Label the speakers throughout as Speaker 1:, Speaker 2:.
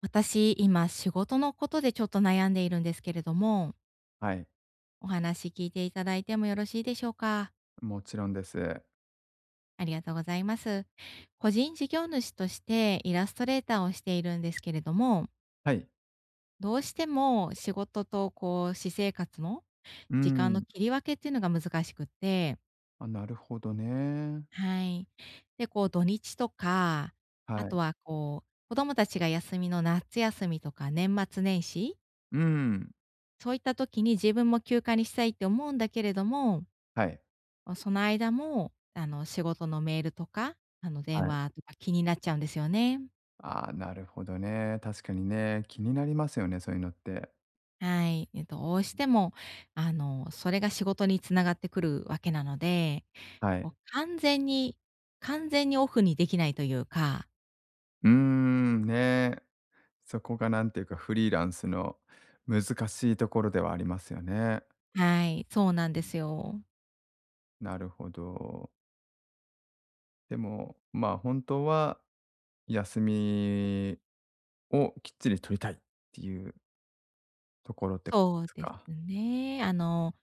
Speaker 1: 私、今仕事のことでちょっと悩んでいるんですけれども。
Speaker 2: はい。
Speaker 1: お話聞いていただいてもよろしいでしょうか？
Speaker 2: もちろんです。
Speaker 1: ありがとうございます。個人事業主として、イラストレーターをしているんですけれども。
Speaker 2: はい。
Speaker 1: どうしても、仕事とこう、私生活の
Speaker 2: う
Speaker 1: 時間の
Speaker 2: ん。
Speaker 1: 切り分けっていうのが難しくって。
Speaker 2: あ、なるほどね。
Speaker 1: はい。で、こう土日とか、あ
Speaker 2: はい。
Speaker 1: とはこう、子供たちが休みのなっつ休みとか年末年始。
Speaker 2: うん。
Speaker 1: そういった時に、自分も休暇にしたいって思うんだけれども。
Speaker 2: はい。
Speaker 1: おその間も、あの、仕事のメールとか、あの、電
Speaker 2: はい。
Speaker 1: 話とか気になっちゃうんですよね。
Speaker 2: ああ、なるほどね。確かにね、気になりますよね、そういうのって。
Speaker 1: はい、え、どうしてもあの、それが仕事に繋がってくるわけなので、
Speaker 2: はい。
Speaker 1: もう完全に、完全にオフにできないというか。
Speaker 2: うーん、ね、そこがなんていうかフリーランスの難しいところではありますよね。
Speaker 1: はい、そうなんで
Speaker 2: [unintelligible]
Speaker 1: すよ。
Speaker 2: なるほど。でも、まあ、本当は休みをきっちり取りたいっていうところで
Speaker 1: そう
Speaker 2: す
Speaker 1: です
Speaker 2: か。
Speaker 1: ね。あの、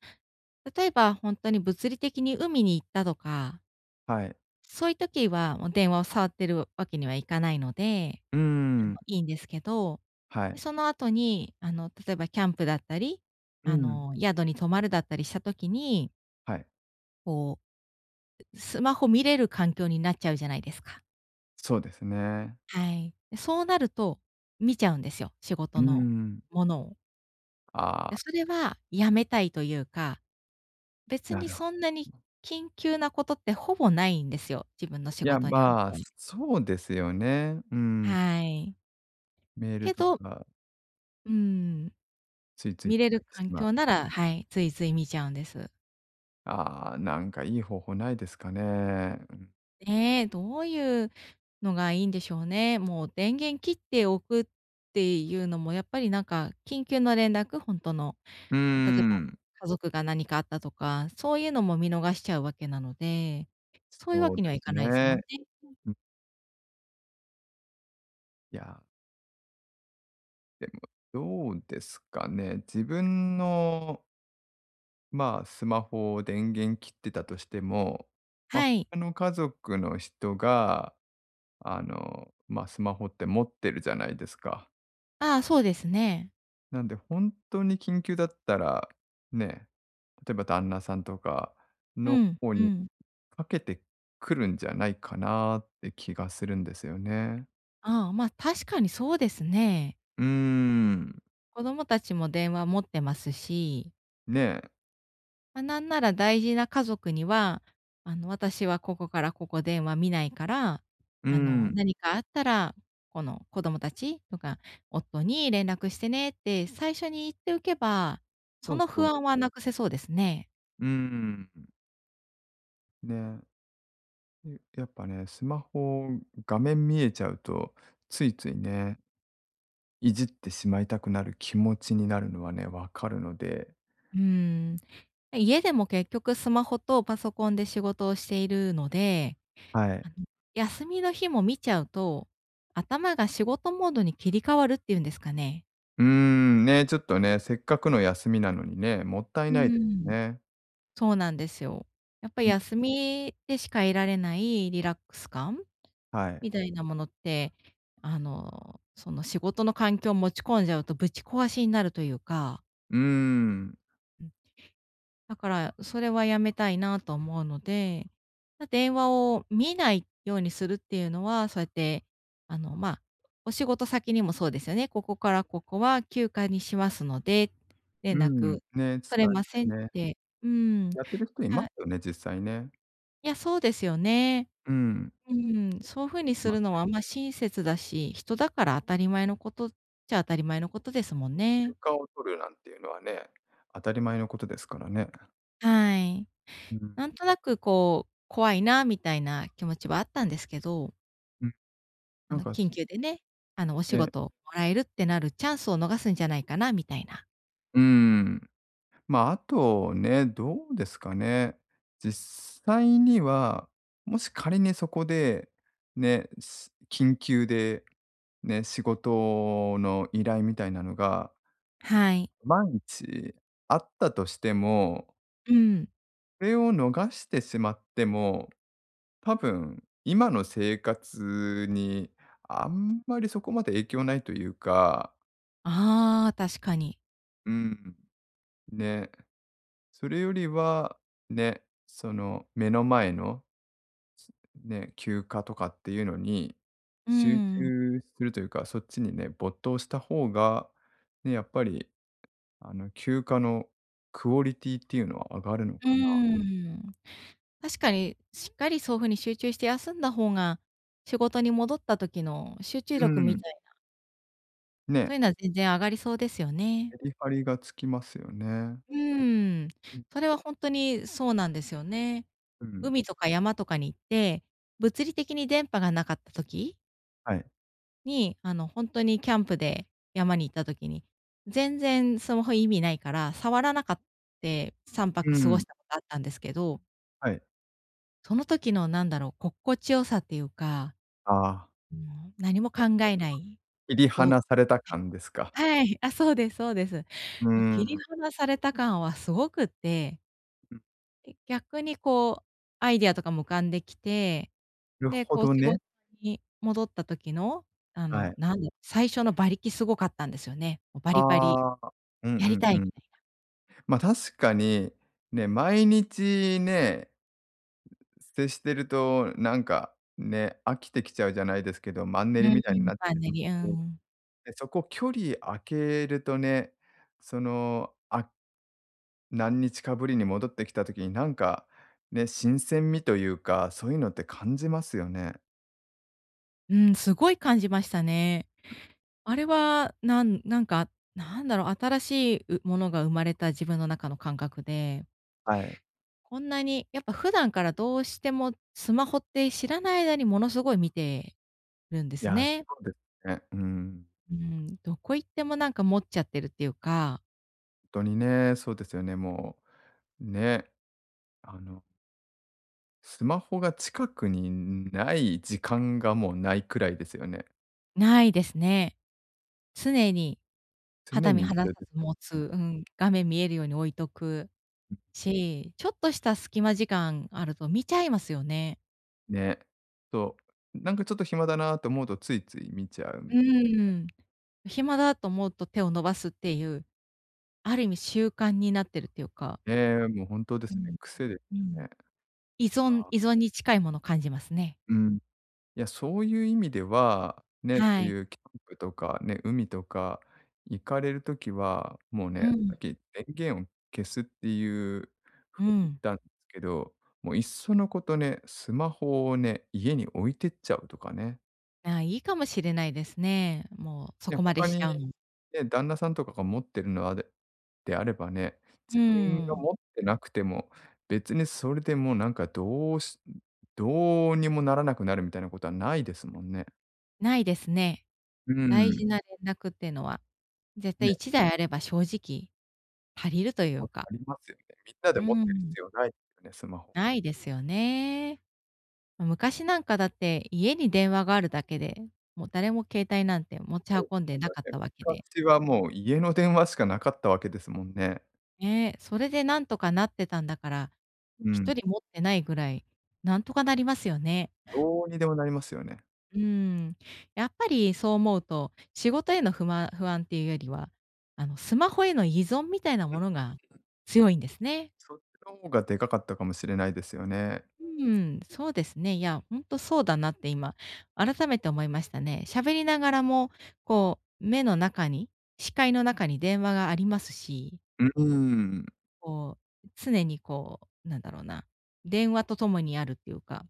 Speaker 1: 例えば、本当に物理的に海に行ったとか
Speaker 2: はい。
Speaker 1: そういう時はもう電話を触ってるわけにはいかないので、
Speaker 2: う
Speaker 1: あの、
Speaker 2: ん。
Speaker 1: いいんですけど、
Speaker 2: は
Speaker 1: で、
Speaker 2: い。
Speaker 1: その後にあの、例えばキャンプだったり、
Speaker 2: う
Speaker 1: あ
Speaker 2: ん。
Speaker 1: の、宿に泊まるだったりした時に
Speaker 2: はい。
Speaker 1: こう、スマホ見れる環境になっちゃうじゃないですか。
Speaker 2: そうですね。
Speaker 1: はい。で、そうなると、見ちゃうんですよ、仕
Speaker 2: う
Speaker 1: 事
Speaker 2: ー
Speaker 1: の
Speaker 2: ん。
Speaker 1: ものを。
Speaker 2: ああ。
Speaker 1: で、それは、やめたいというか。別
Speaker 2: な
Speaker 1: に
Speaker 2: るほ
Speaker 1: そんなに 緊急なことってほぼないんですよ、自分の仕
Speaker 2: いや、
Speaker 1: 事におい
Speaker 2: ま、
Speaker 1: て。
Speaker 2: そうですよね。うーん。
Speaker 1: はい。
Speaker 2: メール
Speaker 1: け
Speaker 2: と
Speaker 1: ど
Speaker 2: か。
Speaker 1: うーん。
Speaker 2: ついつい、
Speaker 1: 見れる
Speaker 2: 入ってし
Speaker 1: 環
Speaker 2: まう。
Speaker 1: 境なら、はい、ついつい見ちゃうんです。
Speaker 2: ああ、なんかいい方法ないですかね。
Speaker 1: ねえ、どうゆうのがいいんでしょうね。もう、電源切っておくっていうのもやっぱり、なんか、緊急の連絡、ほんとの。
Speaker 2: うー
Speaker 1: あ、例えば、
Speaker 2: ん。
Speaker 1: 家族が何かあったとか、そういうのも見逃しちゃうわけなので、そういうわ
Speaker 2: そう
Speaker 1: け
Speaker 2: で
Speaker 1: にはい
Speaker 2: す
Speaker 1: かないすも
Speaker 2: ね。
Speaker 1: んね。うん。
Speaker 2: うん。いや。でもどうですかね。自分のま、スマホを電源切ってたとしても、ま、
Speaker 1: はい。
Speaker 2: 他の家族の人が、あの、ま、スマホって持ってるじゃないですか。
Speaker 1: ああ、そうですね。
Speaker 2: なんでほんとに緊急だったら、ね、例えば旦那さんとか
Speaker 1: う
Speaker 2: の
Speaker 1: ん
Speaker 2: 方
Speaker 1: う
Speaker 2: に
Speaker 1: ん。
Speaker 2: かけてくるんじゃないかなって気がするんですよね。
Speaker 1: ああ、ま、確かにそうですね。
Speaker 2: うーん。
Speaker 1: 子供たちも電話持ってますし。
Speaker 2: ねえ。
Speaker 1: ま、なんなら大事な家族には、あの、私はここからここ電話見ないから、
Speaker 2: うー
Speaker 1: あの、
Speaker 2: ん。
Speaker 1: 何かあったら、この、子供たちとか、夫に連絡してねって最初に言っておけば、
Speaker 2: そ
Speaker 1: そ
Speaker 2: う
Speaker 1: の
Speaker 2: そ
Speaker 1: 不
Speaker 2: う。
Speaker 1: 安は無くせそうですね。
Speaker 2: うーん。ね。うん、やっぱね、スマホ、画面見えちゃうとついついね、いじってしまいたくなる気持ちになるのはね、わかるので。
Speaker 1: うん。家でも結局スマホとパソコンで仕事をしているので、
Speaker 2: はい。
Speaker 1: あの、休みの日も見ちゃうと、頭が仕事モードに切り替わるっていうんですかね。
Speaker 2: うーん、ね、ちょっとね、せっかくの休みなのにね、もったい
Speaker 1: う
Speaker 2: ないです
Speaker 1: ん。
Speaker 2: ね。
Speaker 1: そうなんですよ。やっぱり
Speaker 2: うん。
Speaker 1: 休みでしか得られないリラックス感
Speaker 2: はい。
Speaker 1: みたいなものって、あの、その、仕事の環境持ち込んじゃうとぶち壊しになるというか。
Speaker 2: うん。
Speaker 1: うん。だから、それはやめたいなと思うので、ま、電話を見ないようにするっていうのは、そうやって、あの、ま、お仕事先にもそうですよね、「ここからここは休暇にしますので、
Speaker 2: う
Speaker 1: 連
Speaker 2: ん、
Speaker 1: 絡
Speaker 2: ね、伝
Speaker 1: 取れま
Speaker 2: え
Speaker 1: せ
Speaker 2: て
Speaker 1: ん」っ
Speaker 2: ね。
Speaker 1: て。うーん、
Speaker 2: やってる人いま
Speaker 1: はい。
Speaker 2: すよね、実際ね。
Speaker 1: いや、そうですよね。
Speaker 2: うん。
Speaker 1: うん、そう風にす
Speaker 2: ま、ね。
Speaker 1: るのは、あ、ま、親切だし、人だから当たり前のことっちゃ当たり前のことですもん
Speaker 2: 休
Speaker 1: ね。
Speaker 2: 暇を取るなんていうのはね、当たり前のことですからね。
Speaker 1: はい。
Speaker 2: うん。
Speaker 1: なんとなくこう、怖いなみたいな気持ちはあったんですけど
Speaker 2: うん。
Speaker 1: あ
Speaker 2: なん
Speaker 1: の
Speaker 2: か、す
Speaker 1: 緊急でね、あの、お仕
Speaker 2: ええ。
Speaker 1: 事をもらえるってなるチャンスを逃すんじゃないかなみたいな。
Speaker 2: うん。まあ、あとね、どうですかね。実際には、もし仮にそこでね、し緊急でね、仕事の依頼みたいなのが。
Speaker 1: はい。
Speaker 2: 万一あったとしても
Speaker 1: うん。
Speaker 2: れを逃してしまっても、多分今の生活にあんまりそこまで影響ないというか。
Speaker 1: ああ、確かに。
Speaker 2: うん。で、それよりはね、その目の前の、つね、休暇とかっていうのに
Speaker 1: う
Speaker 2: 集
Speaker 1: ん。
Speaker 2: 中するというか、そっちにね、没頭した方がね、やっぱりあの休暇のクオリティっていうのは上がるの
Speaker 1: うー
Speaker 2: かな。
Speaker 1: ん。確かに、しっかりそういう風に集中して休んだ方が、仕事に戻った時の集中
Speaker 2: う
Speaker 1: 力み
Speaker 2: ん。
Speaker 1: たいな
Speaker 2: ね。
Speaker 1: そういうのは全然上がりそうですよね。
Speaker 2: メリハリがつきますよね。
Speaker 1: うーん、
Speaker 2: うん。
Speaker 1: それは本当にそうなんですよね。
Speaker 2: うん。
Speaker 1: 海とか山とかに行って、物理的に電波がなかった時
Speaker 2: はい。
Speaker 1: に、あの本当にキャンプで山に行った時に、全然スマホ意味ないから、触らなかって、さんぱ
Speaker 2: う
Speaker 1: く過ご
Speaker 2: ん。
Speaker 1: したことあったんですけど。
Speaker 2: はい。
Speaker 1: その時のなんだろう、心地良さっていうか。
Speaker 2: ああ。
Speaker 1: うん、何も考 えない、
Speaker 2: 切り
Speaker 1: ぼーっと
Speaker 2: 離された
Speaker 1: する、
Speaker 2: 感ですか。
Speaker 1: はい、あ、そうですそうです。
Speaker 2: う
Speaker 1: ま切り
Speaker 2: ん。
Speaker 1: 離された感はすごくって。
Speaker 2: うん。
Speaker 1: で、逆にこうアイディアとかも浮かんできて、
Speaker 2: る
Speaker 1: で、
Speaker 2: ほ
Speaker 1: こう
Speaker 2: ど
Speaker 1: 仕事
Speaker 2: ね。
Speaker 1: に戻った時の、あ
Speaker 2: は
Speaker 1: の、
Speaker 2: い。
Speaker 1: なんだ、最初の馬力すごかったんですよね。もうバリバリ。
Speaker 2: ああ、う
Speaker 1: やり
Speaker 2: ん
Speaker 1: た
Speaker 2: う
Speaker 1: い
Speaker 2: んうん。
Speaker 1: みたいな。
Speaker 2: ま確かにね、毎日ね接してると、なんか、ね、飽きてきちゃうじゃないですけど、マンネ
Speaker 1: う
Speaker 2: リみたいに
Speaker 1: ん、
Speaker 2: なっち
Speaker 1: マ
Speaker 2: ゃ
Speaker 1: ン
Speaker 2: い
Speaker 1: ネ
Speaker 2: ま
Speaker 1: リ、うん
Speaker 2: すね。
Speaker 1: うん。
Speaker 2: でそこ距離開けるとね、そのあ、何日かぶりに戻ってきた時になんか、ね、新鮮味というか、そういうのって感じますよね。
Speaker 1: うん、すごい感じましたね。あれは、なんなんか、なんだろう、新しい、うものが生まれた自分の中の感覚で。
Speaker 2: はい。
Speaker 1: こんなに、やっぱ、普段からどうしてもスマホって知らない間にものすごい見てるんで
Speaker 2: い
Speaker 1: す
Speaker 2: や、そ
Speaker 1: ね。
Speaker 2: うですね。うん。
Speaker 1: うん、どこ行ってもなんか、持っちゃってるっていうか。
Speaker 2: とにね、そうですよね、もう、ね、あのスマホが近くにない時間が、もう、ないくらいですよね。
Speaker 1: ないですね。常に、
Speaker 2: 常
Speaker 1: 肌身
Speaker 2: に
Speaker 1: 離
Speaker 2: 必
Speaker 1: さ
Speaker 2: 要で
Speaker 1: ず持
Speaker 2: すね。
Speaker 1: つ、うん、画面見えるように置いとく、
Speaker 2: うん。
Speaker 1: し、ちょっとした隙間時間あると見ちゃいますよね。
Speaker 2: ね、となんか、ちょっと暇だなあと思うと、ついつい見ちゃう
Speaker 1: う
Speaker 2: み
Speaker 1: ーん。暇だと思うと手を伸ばすっていう。ある意味習慣になってるっていうか。
Speaker 2: ええ、もう、ほんとで
Speaker 1: う
Speaker 2: すね、
Speaker 1: ん。
Speaker 2: 癖で
Speaker 1: う
Speaker 2: すよ
Speaker 1: ん。
Speaker 2: ね。
Speaker 1: 依存
Speaker 2: あ
Speaker 1: 依
Speaker 2: あ。
Speaker 1: 存に近いもの感じますね。
Speaker 2: うん。いや、そういう意味では、ね、そ
Speaker 1: は
Speaker 2: う
Speaker 1: い。
Speaker 2: いうキャンプとかね、海とか行かれる時は、もう、ね、
Speaker 1: うん。
Speaker 2: さっき電源を消すっていう
Speaker 1: う
Speaker 2: 風に言っ
Speaker 1: ん。
Speaker 2: たんけど、もう、いっそのことね、スマホをね、家に置いてっちゃうとかね。
Speaker 1: ああ、いいかもしれないですね。もうそ
Speaker 2: ね、
Speaker 1: こまで
Speaker 2: 他
Speaker 1: しち
Speaker 2: に、
Speaker 1: ゃうの。
Speaker 2: ね、旦那さんとかが持ってるのあでであればね、
Speaker 1: うー
Speaker 2: 自分が
Speaker 1: ん。
Speaker 2: 持ってなくても別にそれでもなんかどうしどうにもならなくなるみたいなことはないですもんね。
Speaker 1: ないですね。
Speaker 2: うー
Speaker 1: 大
Speaker 2: ん。
Speaker 1: 事な連絡っていうのは。絶対
Speaker 2: ね。
Speaker 1: 1台あれば正直、足りるとい
Speaker 2: も
Speaker 1: う
Speaker 2: う
Speaker 1: か。
Speaker 2: 足りますよね。みんなで
Speaker 1: うー
Speaker 2: 持ってる
Speaker 1: ん。
Speaker 2: 必要ないですね、スマホは。
Speaker 1: ないですよね。昔なんかだって、家に電話があるだけで、も、誰も携帯なんて持ち 運んでなかったわけで。
Speaker 2: 昔はもう家の電話しかなかったわけですもんね。
Speaker 1: ね、それで何とかなってたんだから、
Speaker 2: う
Speaker 1: ひ
Speaker 2: ん。
Speaker 1: とり持ってないぐらい、なんとかなりますよね。
Speaker 2: どうにでもなりますよね。
Speaker 1: うーん。やっぱりそう思うと、仕事への不満不安っていうよりは、あのスマホへの依存みたいなものが 強いんですね。
Speaker 2: そっちの方が、でかかったかもしれないですよね。
Speaker 1: うーん、そうですね。いや、本当そうだなって今、改めて思いましたね。喋りながらも、こう、目の中に、視界の中に電話がありますし。
Speaker 2: ううーん。
Speaker 1: こう、常にこう、なんだろうな、電話とともにあるっていうか。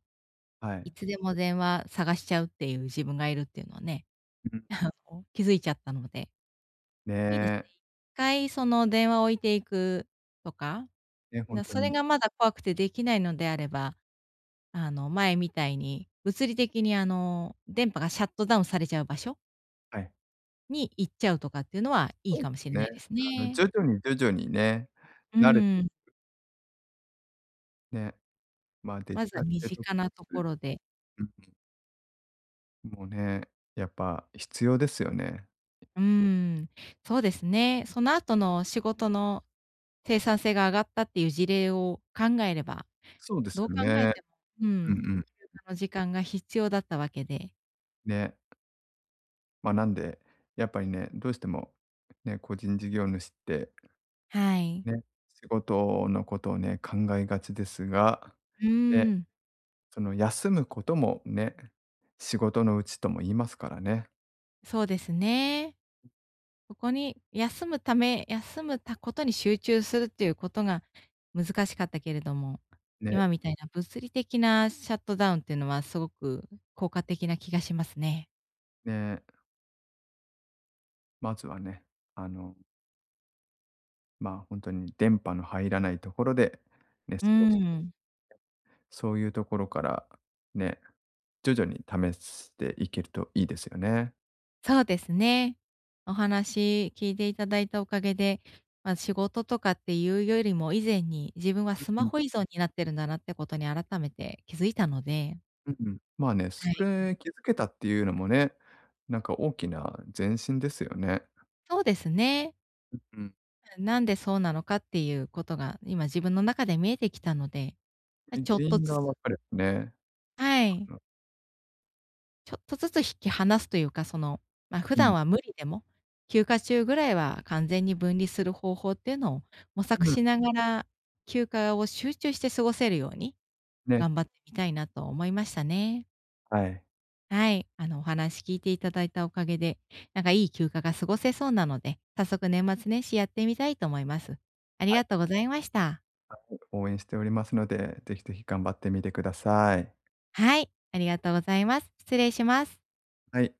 Speaker 2: は
Speaker 1: い
Speaker 2: い。
Speaker 1: つでも電話探しちゃうっていう自分がいるっていうのはね、
Speaker 2: ん。
Speaker 1: あの気づいちゃったので。
Speaker 2: ね
Speaker 1: いいです
Speaker 2: え。
Speaker 1: 回その電話を置いていくとか、
Speaker 2: ね、本
Speaker 1: な
Speaker 2: 当
Speaker 1: それ
Speaker 2: に。
Speaker 1: がまだ怖くてできないのであれば、あの前みたいに、物理的にあの電波がシャットダウンされちゃう場所
Speaker 2: はい。
Speaker 1: に行っちゃうとかっていうのはいい
Speaker 2: うん、
Speaker 1: かもしれ
Speaker 2: ね。
Speaker 1: ないです
Speaker 2: あの
Speaker 1: ね。
Speaker 2: 徐々に徐々にね、
Speaker 1: う
Speaker 2: 慣れてい
Speaker 1: ん。
Speaker 2: く。ね、まあデジ
Speaker 1: まずは
Speaker 2: タル
Speaker 1: 身
Speaker 2: デトック
Speaker 1: 近なとこ
Speaker 2: ス、
Speaker 1: ろで。
Speaker 2: うんうん。もうね、やっぱ必要ですよね。
Speaker 1: うーん、そうですね、その後の仕事の、生産性が上がったっていう事例を考えれば、
Speaker 2: そうです
Speaker 1: どう
Speaker 2: よ
Speaker 1: 考え
Speaker 2: ね。
Speaker 1: ても、う
Speaker 2: うん
Speaker 1: ん、休
Speaker 2: うん。
Speaker 1: 暇の時間が必要だったわけで。
Speaker 2: ね。まなんで、やっぱりね、どうしても、ね、個人事業主って、
Speaker 1: はい。
Speaker 2: ね、仕事のことをね、考えがちですが、
Speaker 1: う
Speaker 2: ね。
Speaker 1: ーん。
Speaker 2: その休むことも、ね、仕事のうちとも言いますからね。
Speaker 1: そうですね。ここに休むため休むたことに集中するっていうことが難しかったけれども、
Speaker 2: ね。
Speaker 1: 今みたいな物理的なシャットダウンっていうのはすごく効果的な気がしますね。
Speaker 2: ね。まずはね、あのま、本当に電波の入らないところでね、
Speaker 1: う
Speaker 2: 過ごしてみる。
Speaker 1: ん。
Speaker 2: そういうところから、ね、徐々に試していけるといいですよね。
Speaker 1: そうですね、お話聞いていただいたおかげで、ま、仕事とかっていうよりも、以前に自分は
Speaker 2: う
Speaker 1: ス
Speaker 2: ん
Speaker 1: マ
Speaker 2: うん。
Speaker 1: ホ依存になってるんだなってことに改めて気づいたので。
Speaker 2: うん。まあね、
Speaker 1: は
Speaker 2: そ
Speaker 1: い。ん。
Speaker 2: れ気づけたっていうのもね、なんか大きな前進ですよね。
Speaker 1: そうですね。
Speaker 2: ううん。
Speaker 1: じゃ、なんでそうなのかっていうことが、今自分の中で見えてきたので、あ、
Speaker 2: いん
Speaker 1: ちょ
Speaker 2: 原
Speaker 1: っと
Speaker 2: 因
Speaker 1: ず
Speaker 2: が
Speaker 1: つ。
Speaker 2: 分かればね。
Speaker 1: は
Speaker 2: か
Speaker 1: い。
Speaker 2: な。
Speaker 1: ちょっとずつ引き離すというか、その、ま、普
Speaker 2: うん。
Speaker 1: 段は無理でも、休暇中ぐらいは完全に分離する方法っていうのを模索
Speaker 2: うん。
Speaker 1: しながら、休暇を集中して過ごせるように、
Speaker 2: ね。
Speaker 1: 頑張ってみたいなと思いましたね。
Speaker 2: はい。
Speaker 1: はい、あの、お話聞いていただいたおかげで、なんかいい休暇が過ごせそうなので、早速年末年始やってみたいと思います。あり
Speaker 2: はい。
Speaker 1: がとうございました。
Speaker 2: はい、応援しておりますので、ぜひぜひ頑張ってみてください。
Speaker 1: はい、ありがとうございます。失礼します。
Speaker 2: はい。